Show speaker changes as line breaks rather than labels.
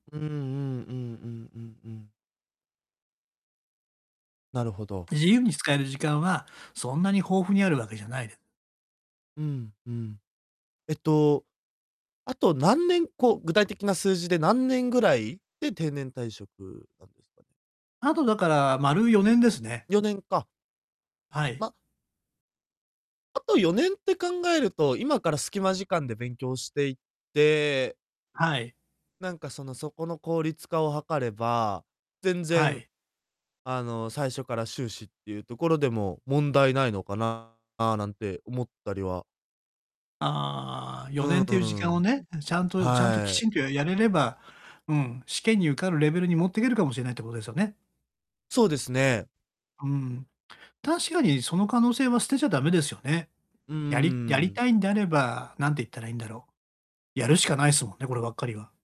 うんうんうんうんうんうん。なるほど。
自由に使える時間は、そんなに豊富にあるわけじゃない
うん、ふん。えっと、あと何年こう、具体的な数字で、何年ぐらいで定年退職なんですね。
あと、だから、丸4年ですね。
4年か。
はい。
まあと4年って考えると、今からスキマ時間で勉強していって
はい。
なんかその、そこの効率化を図れば、全
は
然、
い。
あの、最初から修士ってゆうところでも問題ないのかななんて思ったりは
ああ、
う
よね
ん、
ん
う
っていう時間
う
を
ん。
ね、うん、ちゃんとちゃんと、き
はい。
ちんとややれれば、うん、試験に受かるレベルに持ってけるかもしれないってことですよね。
そうですね。
うん。確かにその可能性は捨てちゃダメですよね。
うー
やりやり
ん。
たいんであれば、なんて言ったらいいんだろう、やるしかないっすもんね、こればっかりは。